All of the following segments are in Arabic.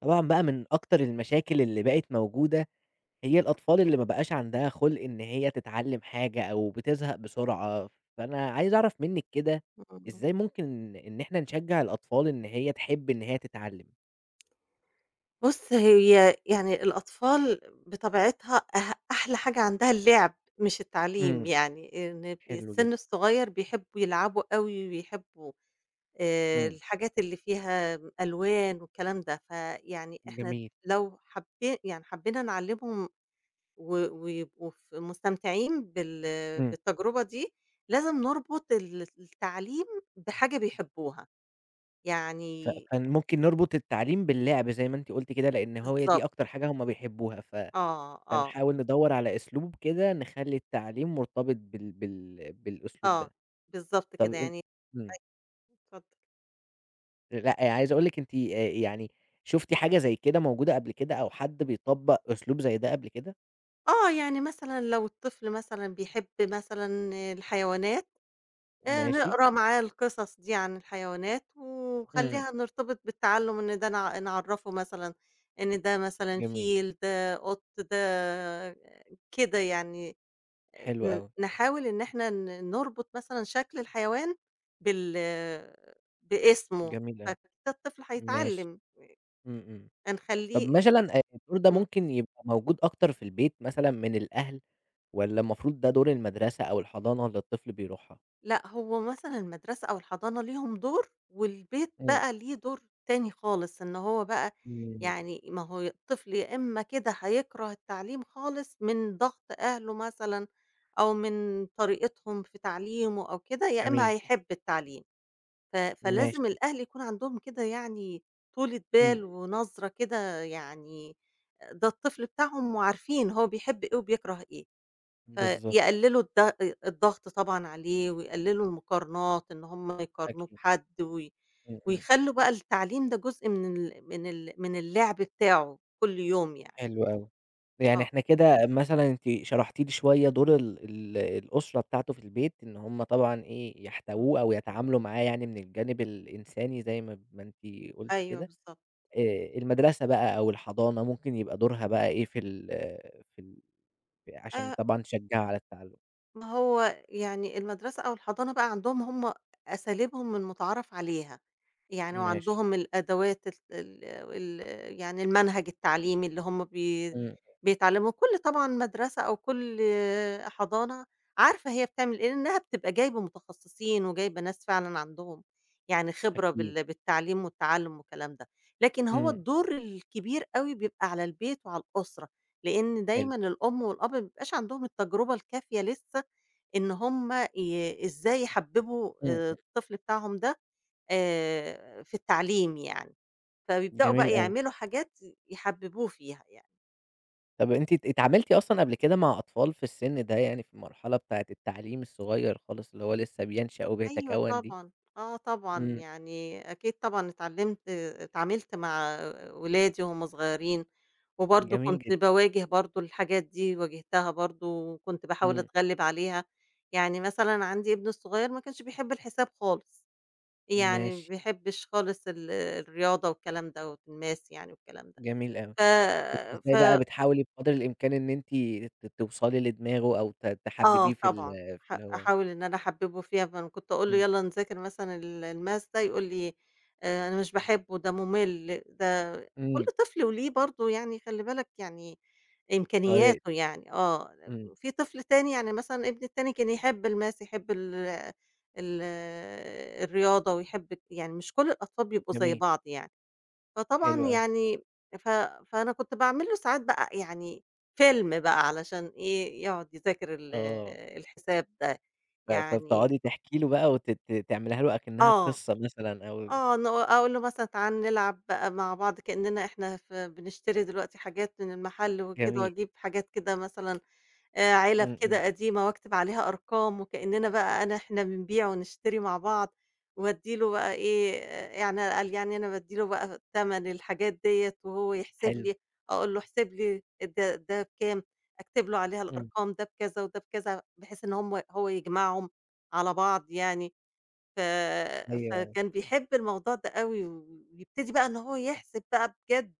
طبعًا بقى من أكتر المشاكل اللي بقِت موجودة هي الأطفال اللي ما بقاش عندها خُلق إن هي تتعلّم حاجة أو بتزهَق بسرعة، فأنا عايز أعرَف منِك كده. [unintelligible] إزاي ممكن إن إحنا نشجّع الأطفال إن هي تحِب إن هي تتعلّم؟ بُصّ، هي يعني الأطفال بطبيعتها أ أحلى حاجة عندها اللعب مش التعليم، إمم، يعني إن حلو السِّن جدًا. الصغيّر بيحبّوا يلعبوا أوي، ويحبّوا آآ إمم. الحاجات اللي فيها ألوان والكلام ده، فيعني إحنا جميل. لو حبي يعني حبّينا نعلِّمهم، و ويبقوا ف مستمتعين بال إمم. بالتجربة دي، لازم نربُط ال التعليم بحاجة بيحبّوها، ف يعني فممكن نربُط التعليم باللعب زي ما أنتِ قُلتِ كده، لأن هو هي دي بالضبط. أكتر حاجة هُم بيحبّوها، ف آه، آه. فنحاول ندوّر على أسلوب كده نخلّي التعليم مرتبِط بال بال بالأسلوب آه، ده. بالضبط طَب كده، أن يعني إمم. [unintelligible] اتفضّل. أ لأ، عايز أقول لِك أنتِ آآ يعني شُفتِ حاجة زي كده موجودة قبل كده أو حد بيطبّق أسلوب زي ده قبل كده؟ آه، يعني مثلًا لو الطفل مثلًا بيحب مثلًا الحيوانات، آآ، ماشي. نقرا معاه القصص دي عن الحيوانات، إمم. ونخلّيها نرتبط بالتعلم، إن ده نع نعرّفه مثلًا إن ده مثلًا جميل. فيل، ده قُط، ده كده يعني. آآ، حلو ن أوي. نحاول إن إحنا ن نربط مثلًا شكل الحيوان بال باسمه، جميل أوي، فحتي الطفل ماشي. هيتعلم. إمم، إمم، طَب هنخلّيه مثلًا، آآ، الدور ده إمم. ممكن يبقى موجود أكتر في البيت، مثلًا، من الأهل، والّا المفروض ده دور المدرسة أو الحضانة اللي الطفل بيروحها؟ لأ، هو مثلًا المدرسة أو الحضانة ليهم دور، والبيت إمم. بقى ليه دور تاني خالص، إن هو بقى، إمم. يعني ما هو الطفل يا إمّا كده هيكره التعليم خالص من ضغط أهله، مثلًا، أو من طريقتهم في تعليمه أو كده، يا إمّا جميل. هيحب التعليم، ف فلازِم ماشي. الأهل يكون عندهم كده، يعني، طولة إمم إمم. بال، ونَظْرة كده، يعني ده الطفل بتاعهم، وعارفين هو بيحب إيه وبيكره إيه، بالضبط. فيقللوا الض الضغط، طبعًا، عليه، ويقللوا المقارنات، إن هُم يقارنوه أكيد. بحد، و إمم، إمم. ويخلّوا بقى التعليم ده جزء من ال من ال من اللعب بتاعه كل يوم، يعني. حلو أوي، يعني آه. إحنا كده مثلًا، أنتِ شرحتِ لي شوية دور ال ال الأسرة بتاعته في البيت، إن هُم طبعًا إيه إمم. يحتَوُوه، أو يتعاملوا معاه، يعني، من الجانب الإنساني، زي ما ما أنتِ قلتِ أيوه كده؟ بالضبط. آآ، المدرسة بقى أو الحضانة، ممكن يبقى دورها بقى إيه في ال في ال ف علشان آآ طبعًا تشجّع على التعلُّم؟ ما هو يعني المدرسة أو الحضانة بقى عندهم هم أساليبهم المتعارف عليها. يعني ماشي. وعندهم الأدوات ال ال ال يعني المنهج التعليمي اللي هم بي إمم إمم. بيتعلموا كل طبعًا مدرسة أو كل حضانة عارفة هي بتعمل إيه، لإنها بتبقى جايبة متخصصين وجايبة ناس فعلًا عندهم، يعني خبرة أكيد. بال بالتعليم والتعلم والكلام ده، لكن هو إمم. الدور الكبير أوي بيبقى على البيت وعلى الأسرة. لإن حلو. دايمًا الأم والأب ما بيبقاش عندهم التجربة الكافية لسه، إن هم ي إزاي يحبّبوا إمم، إمم. الطفل بتاعهم ده آآ في التعليم يعني. فبيبدأوا بقى جميل أوي. يعملوا حاجات يحببوه فيها يعني. طب أنتِ ات اتعاملتِ أصلًا قبل كده مع أطفال في السن ده يعني في المرحلة بتاعة التعليم الصغير خالص اللي هو لسه بينشأ أيوه وبيتكوّن دي؟ طبعًا، آه طبعًا إمم. يعني أكيد طبعًا اتعلمت اتعاملت مع أولادي وهم صغيرين. وبرضه جميل كنت جدًا. باواجه برضه الحاجات دي واجهتها برضه وكنت باحاول امم. أتغلب عليها. يعني مثلًا عندي ابني الصغير ما كانش بيحب الحساب خالص. يعني ما ماشي. بيحبش خالص ال الرياضة والكلام ده والmath يعني والكلام ده. جميل أوي. ف كنتِ إزاي بقى ف بتحاولي بقدر الإمكان إن أنتِ ت توصلي لدماغه أو ت آه تحببيه في ال طبعًا. في ح اللي هو أحاول إن أنا أحببُه فيها، فكنت أقول له إمم. يالّا نذاكر مثلًا ال والmath ده يقول لي: "آآ أنا مش باحبه ده ممل ده" كل إمم. طفل وله برضه يعني خلّي بالك يعني. إمكانياته طريقته. يعني آه إمم. في طفل تاني يعني مثلًا ابني التاني كان يحب الmath يحب ال ال الرياضة ويحب يعني مش كل الأطفال بيبقوا زي جميل. بعض يعني. فطبعًا حلو أوي. يعني ف فأنا كنت باعمل له ساعات بقى يعني فيلم بقى علشان إيه يقعد يذاكر ال آه. الحساب ده. ف يعني فبتقعدي تحكي له بقى وت ت تعمليها له أكنها آه. قصة مثلًا أو آه ن أقول له مثلًا تعال نلعب بقى مع بعض كأننا إحنا ف بنشتري دلوقتي حاجات من المحل وكده، جميل. وأجيب حاجات كده مثلًا آآ علب إمم، إمم. كده قديمة واكتب عليها أرقام وكأننا بقى أنا إحنا بنبيع ونشتري مع بعض. وادّي له بقى إيه، يعني قال يعني أنا بادّي له بقى تَمَن الحاجات ديّة وهو يحسب حلو. لي، أقول له احسب لي ده ده بكام؟ أكتب له عليها إمم. الأرقام ده بكذا وده بكذا بحيث إن هم هو يجمعهم، على بعض يعني. ف أيوه. فكان بيحب الموضوع ده أوي و ويبتدي بقى إن هو يحسب بقى بجد.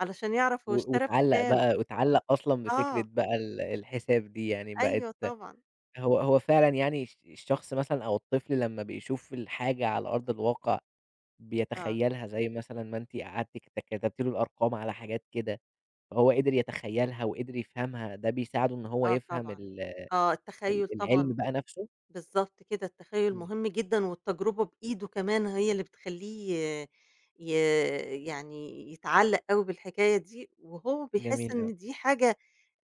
علشان يعرف هو و اشترى واتعلق بكام. بقى واتعلق أصلًا بفكرة آه. بقى ال الحساب دي يعني، بقت أيوه طبعًا. هو هو فعلًا يعني الش الشخص مثلًا أو الطفل لما بيشوف الحاجة على أرض الواقع، آه. بيتخيلها زي مثلًا ما أنتِ قعدتِ كت كتبتِ له الأرقام على حاجات كده. هو قدر يتخيلها وقدر يفهمها ده بيساعدُه إن هو آه يفهم طبعًا. ال آه ال التخيل طبعًا العلم بقى نفسه؟ بالضبط كده التخيل امم. مهم جدًا والتجربة بإيده كمان هي اللي بتخليه ي يعني يتعلّق أوي بالحكاية دي، وهو بيحس جميل أوي. إن دي حاجة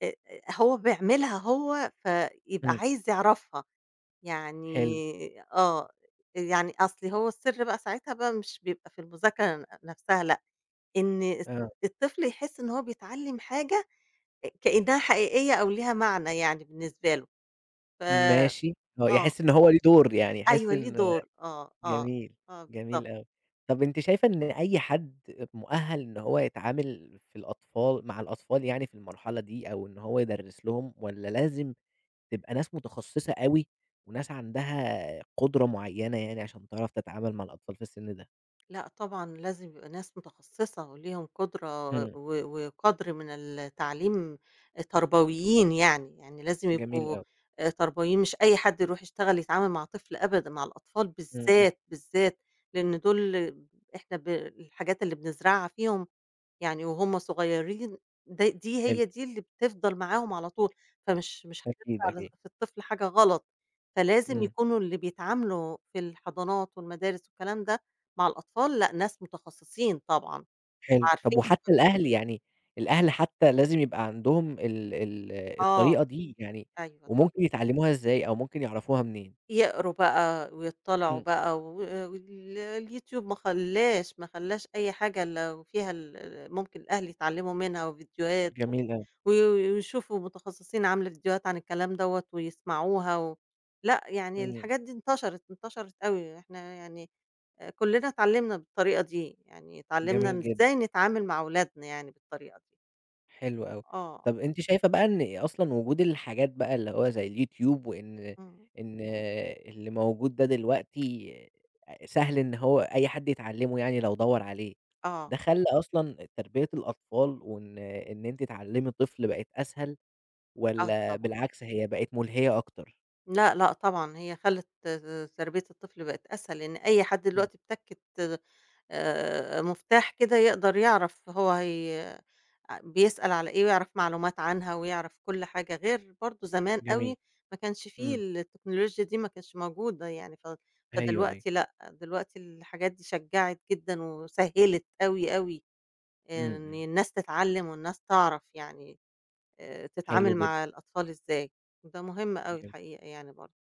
آآ، هو بيعملها هو، فيبقى إمم. عايز يعرفها. حلو. يعني آه. يعني أصل هو السر بقى ساعتها بقى مش بيبقى في المذاكرة ن نفسها لأ. إن، إست آه. الطفل يحس إن هو بيتعلم حاجة آآ كإنها حقيقية أو ليها معنى يعني بالنسبة له. ف ماشي، هو آه. يحس إن هو ليه دور يعني يحس أيوه ليه إن دور آه آه. جميل. آه بالضبط. جميل أوي. طب أنتِ شايفة إن أي حد مؤهل إن هو يتعامل في الأطفال مع الأطفال يعني في المرحلة دي أو إن هو يدرس لهم، والّا لازم تبقى ناس متخصصة أوي. وناس عندها قدرة معينة يعني عشان تعرف تتعامل مع الأطفال في السن ده؟ لأ طبعًا لازم يبقى ناس متخصِّصة وليهم قُدرة إمم. و وقدْر من التعليم، التربويين يعني، يعني لازم جميل يبقوا أوي. آآ تربويين مش أي حد يرُوح يشتغل يتعامل مع طفل أبدًا، مع الأطفال إمم، إمم. بالذات، بالذات لإن دول إحنا ب الحاجات اللي بنزرَعها فيهم يعني وهُم صغيّرين د دي حلو. هي دي اللي بتفضَل معاهم على طول، فمش مش أكيد، هنزرَع ل أكيد. في الطفل حاجة غلط، فلازم إمم. يكونوا اللي بيتعاملوا في الحضانات والمدارس والكلام ده مع الأطفال، لأ ناس متخصِّصين طبعًا حلو، طَب وعارفين هُم وحتى الأهل، بيعملوا يعني إيه. الأهل حتى لازم يبقى عندهم ال ال آه، الطريقة دي؟ يعني أيوه، طبعًا. وممكن يتعلّموها إزاي أو ممكن يعرَفوها منين؟ يقرُوا بقى ويضطّلِعوا إمم. بقى و ال اليوتيوب ما خلّاش، ما خلّاش أي حاجة إلّا وفيها ال ممكن الأهل يتعلّموا منها وڤيديوهات و جميل أوي. وي ويشوفوا متخصِّصين عامله فيديوهات عن الكلام دوّة ويسمَعوها و لأ يعني إمم. الحاجات دي انتشرِت، انتشرِت أوي، إحنا يعني آآ كلنا اتعلّمنا بالطريقة دي، يعني اتعلّمنا جميل جدًا. إزاي نتعامل مع أولادنا يعني بالطريقة دي. حلو أوي. آه. طََب أنتِ شايفة بقى إن أصلًا وجود الحاجات بقى اللي هو زي اليوتيوب وإن إمم. إن اللي موجود ده دلوقتي آآ سهل إن هو أي حد يتعلِّمه يعني لو دوّر عليه. آه. ده خلّى أصلًا تربية الأطفال وإن إن أنتِ تعلِّمي طفل بقت أسهل آه والّا طبعًا. بالعكس هي بقت مُلهية أكتر؟ لأ، لأ طبعًا، هي خلِّت ت تربية الطفل بقت أسهل، لإن أي حد إمم. دلوقتي بتَكِّة آآ مفتاح كده يقدر يعرف هو هي آآ بيسأل على إيه ويعرف معلومات عنها ويعرف كل حاجة، غير برضه زمان أوي جميل. ما كانش فيه إمم. التكنولوجيا دي ما كانتش موجودة يعني ف أيوه، أيوه. فدلوقتي لأ، دلوقتي الحاجات دي شجَّعت جدًا وسهِّلت أوي، أوي إمم، إن إمم. الناس تتعلِّم، والناس تعرف يعني آآ حلو تتعامل جدًا. مع الأطفال إزاي وده مهم أوي جم الحقيقة يعني برضه.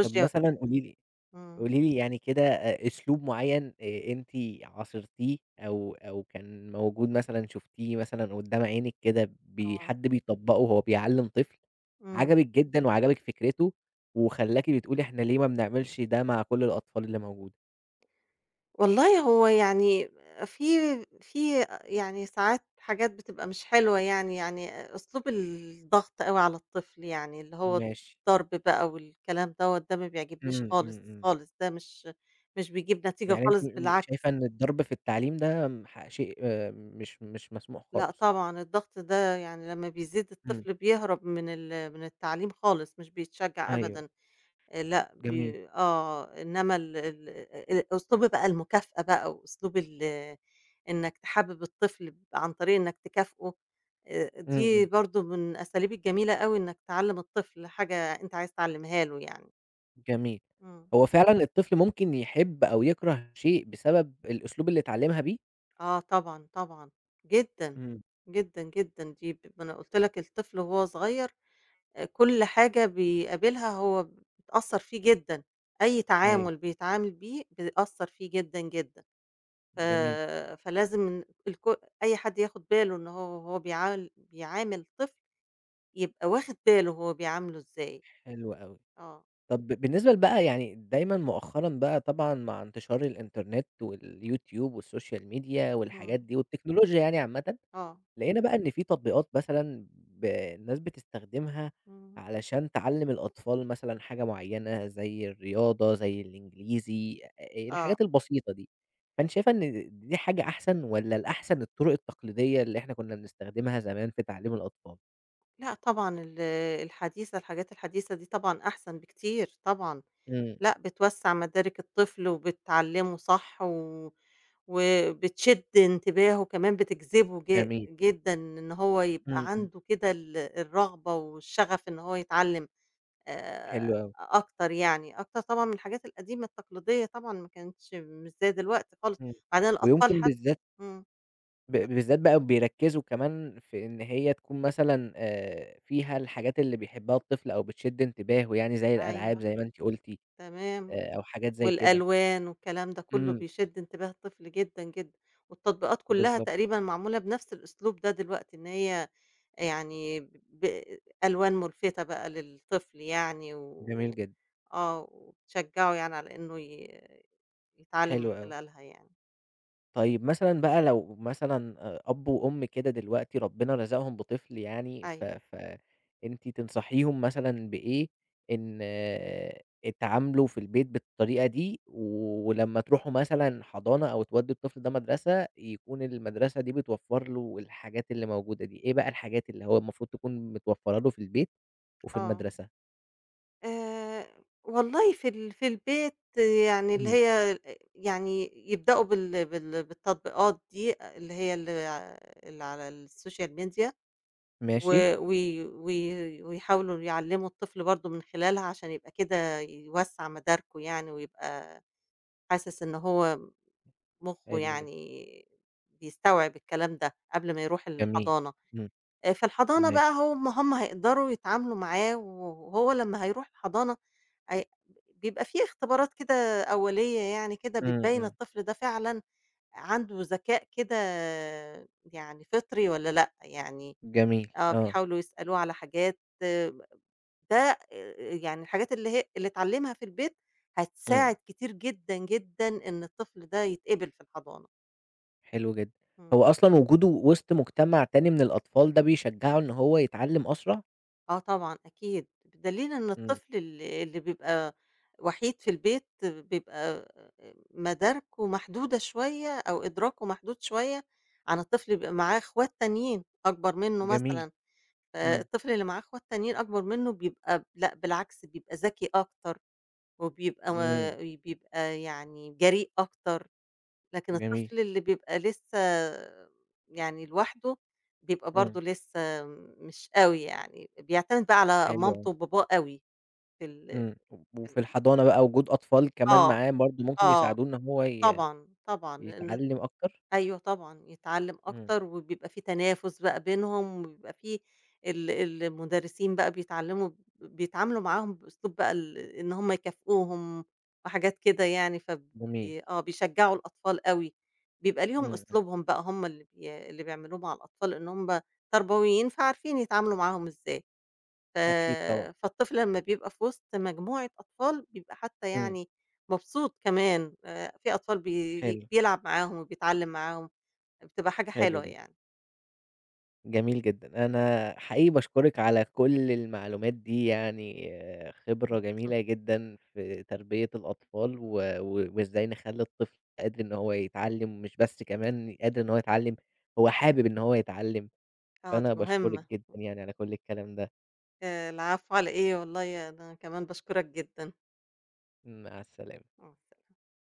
طَب مثلًا قولي لي إمم. قولي لي يعني كده أ أسلوب معيّن آآ أنتِ عاصِرتيه أو أو كان موجود مثلًا شُفتيه مثلًا قُدّام عينِك كده بي آه. حد بيطبَّقه وهو بيعلِّم طفل إمم. عجبِك جدًا وعجبِك فكرته وخلّاكِ بتقولي إحنا ليه ما بنعملش ده مع كل الأطفال اللي موجوده؟ والله هو يعني في في يعني ساعات حاجات بتبقى مش حلوة يعني، يعني أسلوب الضغط أوي على الطفل يعني اللي هو ماشي. الضرب بقى والكلام دوّة ده ما بيعجبنيش إمم، إمم، خالص، إمم. خالص ده مش مش بيجيّب نتيجة يعني أنتِ خالص، إمم بالعكس. شايفة إن الضرب في التعليم ده م ح شيء مش مش مسموح لأ خالص. طبعًا، الضغط ده يعني لمّا بيزيّد إمم. الطفل بيهرَب من ال من التعليم خالص، مش بيتشجّع أيوه. أبدًا آآ لأ، جميل. بي آه، إنما ال ال آآ أسلوب بقى المكافأة بقى وأسلوب ال إنَّك تحبب الطفل عن طريق إنَّك تكافئه آآ، إمم، دي إمم. برضه من الأساليب الجميلة أوي إنَّك تعلّم الطفل حاجة أنت عايز تعلّمها له يعني. جميل. إمم. هو فعلًا الطفل ممكن يحب أو يكره شيء بسبب الأسلوب اللي اتعلّمها بيه؟ آه طبعًا، طبعًا. جدًا، إمم. جدًا، جدًا، دي ما أنا قُلت لَك الطفل وهو صغير آآ كُل حاجة بيقابلها هو بتأثّر فيه جدًا، أي أيوه. تعامل بيتعامل بيه بيأثّر فيه جدًا، جدًا. ف جميل. فلازم الكو أي حد ياخد باله إن هو وهو بيع بيعامل طفل يبقى واخد باله هو بيعامله إزاي، حلو أوي. آه. طَب بالنسبة ل بقى يعني دايمًا مؤخرًا بقى طبعًا مع انتشار الInternet والYouTube والSocail media إمم. والحاجات دي والتكنولوجيا يعني عامةً آه. لقينا بقى إن في تطبيقات مثلًا ب الناس بتستخدمها إمم. علشان تعلّم الأطفال مثلًا حاجة معيّنة، زي الرياضة زي الإنجليزي أ أ آه. الحاجات البسيطة دي، فأنتِ شايفة إن دي حاجة أحسن، والّا الأحسن الطرق التقليدية اللي إحنا كنّا بنستخدمها زمان في تعليم الأطفال؟ لأ طبعًا ال الحديثة الحاجات الحديثة دي طبعًا أحسن بكتير طبعًا، إمم. لأ، بتوسّع مدارك الطفل وبتعلّمه صح و وبتشد انتباهه كمان بتجذبه ج جميل. جدًا إن هو إمم، يبقى إمم. عنده كده ال الرغبة والشغف إن هو يتعلّم، آآ حلو أوي. أكتر يعني، أكتر طبعًا من الحاجات القديمة التقليدية طبعًا ما كانتش مش زي دلوقتي خالص، إمم. وبعدين الأطفال ويمكن حت بالذات إمم. ب بالذات بقى بيركّزوا كمان في إن هي تكون مثلًا آآ فيها الحاجات اللي بيحبها الطفل أو بتشد انتباهه يعني زي الألعاب أيوه. زي ما أنتِ قُلتِ، تمام. آآ أو حاجات زي كده. والألوان والكلام ده كلّه إمم. بيشد انتباه الطفل جدًا، جدًا، والتطبيقات كلّها بالضبط. تقريبًا معمولة بنفْس الأسلوب ده دلوقتي، إن هي يعني ب ألوان ملفتة بقى للطفل يعني جميل و جدًا. آه وتشجّعه يعني على إنه ي يتعلّم من حلو أوي. خلالها يعني. طيب مثلًا بقى لو مثلًا آآ أب وأم كده دلوقتي ربنا رزقهم بطفل يعني، ف أيوه. ف أنتِ تنصحيهُم مثلًا بإيه؟ إن اتعاملوا في البيت بالطريقة دي، ولمّا تروحوا مثلًا حضانة أو تودوا الطفل ده مدرسة، يكون المدرسة دي بتوفّر له الحاجات اللي موجودة دي، إيه بقى الحاجات اللي هو المفروض تكون متوفّرّة له في البيت وفي آه. المدرسة؟ آآ والله في ال في البيت يعني اللي إمم. هي ا يعني يبدؤوا بال بال بالتطبيقات دي، اللي هي ال ع اللي على الSocial media ماشي. و وي وي ويحاولوا يعلّموا الطفل برضه من خلالها عشان يبقى كده يوسّع مداركه يعني ويبقى حاسس إن هو مخّه حلو جدًا. يعني بيستوعب الكلام ده، قبل ما يروح جميل، الحضانة، إمم، آآ في الحضانة بقى ماشي. هو م هُم هيقدروا يتعاملوا معاه وهو لمّا هيروح الحضانة أي بيبقى في اختبارات كده أولية يعني كده، إمم، بتبيّن إمم. الطفل ده فعلًا عنده ذكاء كده يعني فطري والّا لأ، يعني جميل، آه آه. بيحاولوا يسألوه على حاجات ده آآ يعني الحاجات اللي هي اللي اتعلّمها في البيت إمم. هتساعد كتير جدًا، جدًا إن الطفل ده يتقِبل في الحضانة. حلو جدًا، إمم. هو أصلًا وجوده وسط مجتمع تاني من الأطفال، ده بيشجّعه إن هو يتعلّم أسرع؟ آه طبعًا أكيد، بدليل إن إمم. الطفل ال اللي بيبقى وحيد في البيت بيبقى آآ مداركه محدودة شوية، أو إدراكه محدود شوية عن الطفل بيبقى معاه إخوات تانيين، أكبّر منّه جميل، مثلًا إمم. فالطفل اللي معاه إخوات تانيين أكبر منّه بيبقى لأ بالعكس بيبقى ذكي أكتر، وبيبقى ما إمم. وبيبقى يعني جريء أكتر، لكن جميل. الطفل اللي بيبقى لسّه يعني لوحده، بيبقى إمم. برضه لسّه مش أوي يعني، بيعتمد بقى على حلو أوي. مامته وباباه أوي، في ال إمم، و [unintelligible] وفي الحضانة بقى وجود أطفال كمان آه، معاه برضه ممكن آه، يساعدوه إن هو ي طبعًا، طبعًا لإن يتعلّم أكتر؟ أيوه طبعًا يتعلّم إمم. أكتر، وبيبقى في تنافس بقى بينهم، وبيبقى في ال المدرسين بقى بيتعلّموا ب بيتعاملوا معاهم بأسلوب بقى ال إن هُم يكافئوهم وحاجات كده يعني جميل. فبي آه بيشجّعوا الأطفال أوي، بيبقى ليهم إمم، إمم. أسلوبهم بقى هُم اللي بي اللي بيعملوه مع الأطفال إن هُم تربويين فعارفين يتعاملوا معاهم إزاي، ف أكيد طبعًا. فالطفل لمّا بيبقى في وسط مجموعة أطفال، بيبقى حتّى إمم. يعني مُبسوط كمان، آآ، في أطفال بي حلو. بيلعب معاهم وبيتعلّم معاهم، بتبقى حاجة حلو حلوة جدًا. يعني. جميل جدًا، أنا حقيقي باشكرِك على كلّ المعلومات دي يعني خِبرة [unintelligible] جميلة جدًا في تربية الأطفال، و و وإزاي نخلّي الطفل قادر إن هو يتعلّم، مش بس كمان قادر إن هو يتعلّم، هو حابب إن هو يتعلّم، آه، دي فأنا باشكرِك مهمّة. جدًا يعني على كلّ الكلام ده. آآ العفو على إيه؟ والله أنا كمان باشكرَك جدًا. مع السلامة. آه.